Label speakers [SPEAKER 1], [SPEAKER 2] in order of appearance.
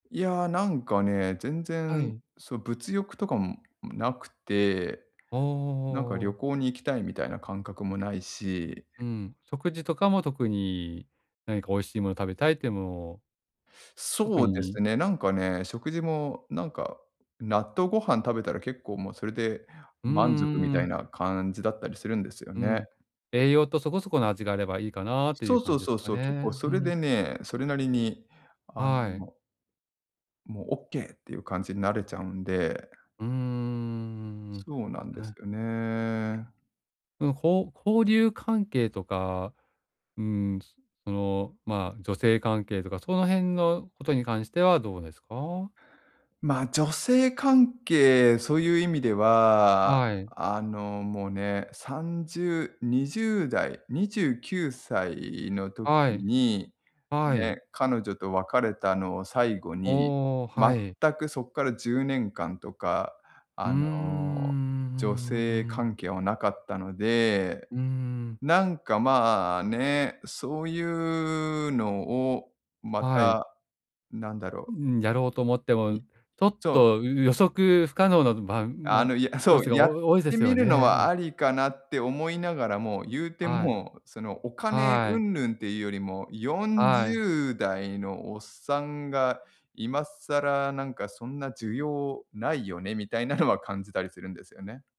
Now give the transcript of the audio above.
[SPEAKER 1] いやなんかね、全
[SPEAKER 2] は
[SPEAKER 1] 然、
[SPEAKER 2] い。
[SPEAKER 1] そ、物欲とか、ん、なくて、
[SPEAKER 2] ああ、あ
[SPEAKER 1] なんか
[SPEAKER 2] あ
[SPEAKER 1] 旅
[SPEAKER 2] ああ。
[SPEAKER 1] 行に行きたいみたいな感覚もないし。
[SPEAKER 2] うん、食事とかも特に、何か美味しいもの、食べたいってものを特
[SPEAKER 1] そうです
[SPEAKER 2] に
[SPEAKER 1] ね、なんかね、食事もなんか納豆ご飯食べたら結構もうそれで
[SPEAKER 2] うんう
[SPEAKER 1] 満足み
[SPEAKER 2] んう
[SPEAKER 1] たい
[SPEAKER 2] ん。
[SPEAKER 1] な感じだったりするんですよ
[SPEAKER 2] う
[SPEAKER 1] ね。
[SPEAKER 2] ん、栄養とそこそこの味があればいいかなとい
[SPEAKER 1] そ
[SPEAKER 2] う
[SPEAKER 1] うそ
[SPEAKER 2] 感
[SPEAKER 1] う
[SPEAKER 2] じで
[SPEAKER 1] そ
[SPEAKER 2] す
[SPEAKER 1] う
[SPEAKER 2] か
[SPEAKER 1] そう。結構
[SPEAKER 2] ね、
[SPEAKER 1] そ
[SPEAKER 2] ふ
[SPEAKER 1] れで
[SPEAKER 2] ん。
[SPEAKER 1] ね、それなりにあ
[SPEAKER 2] はい。
[SPEAKER 1] のもうオッケーっていう感じになれちゃうんで
[SPEAKER 2] うんうんうんうん
[SPEAKER 1] そうなんで
[SPEAKER 2] うん、う
[SPEAKER 1] す
[SPEAKER 2] ん。
[SPEAKER 1] よね。
[SPEAKER 2] うん、ほう交流関係とか、うーん、その、まあ、女性関係とかその辺のことに関してはどうですか？
[SPEAKER 1] ま、女性関係、そういう意味では、
[SPEAKER 2] はい。
[SPEAKER 1] あの、もうね3020代、29歳の時
[SPEAKER 2] はい。
[SPEAKER 1] に、
[SPEAKER 2] は
[SPEAKER 1] ね、
[SPEAKER 2] い。
[SPEAKER 1] 彼女と別れたのを最後に、
[SPEAKER 2] おお、はい。
[SPEAKER 1] 全くそっから10年間とか、
[SPEAKER 2] う
[SPEAKER 1] あ
[SPEAKER 2] ー
[SPEAKER 1] の、女性
[SPEAKER 2] ん。
[SPEAKER 1] 関係はなかったので、
[SPEAKER 2] うーん。
[SPEAKER 1] なんかまあね、そういうのをま
[SPEAKER 2] はい。
[SPEAKER 1] た、なんだろ
[SPEAKER 2] う
[SPEAKER 1] う
[SPEAKER 2] ん、やろうと思って
[SPEAKER 1] い
[SPEAKER 2] も、
[SPEAKER 1] い
[SPEAKER 2] ちょっ
[SPEAKER 1] そう
[SPEAKER 2] と、う予測不可能なば
[SPEAKER 1] あ
[SPEAKER 2] も
[SPEAKER 1] の、いやあ、
[SPEAKER 2] ロ
[SPEAKER 1] そう、
[SPEAKER 2] スがお
[SPEAKER 1] やっ
[SPEAKER 2] お多いで
[SPEAKER 1] て
[SPEAKER 2] す
[SPEAKER 1] み
[SPEAKER 2] よ
[SPEAKER 1] るの
[SPEAKER 2] ね、う
[SPEAKER 1] は
[SPEAKER 2] ん。
[SPEAKER 1] ありかなって思いながらも、ゆうて
[SPEAKER 2] は
[SPEAKER 1] も
[SPEAKER 2] い。
[SPEAKER 1] う、その、お金
[SPEAKER 2] はい。
[SPEAKER 1] 云々っていうよりもよん
[SPEAKER 2] は
[SPEAKER 1] じ
[SPEAKER 2] い。
[SPEAKER 1] ゅうだいのおっさんが今更なんかそんな需要ないよねみたいなのは感じたりするんですよね。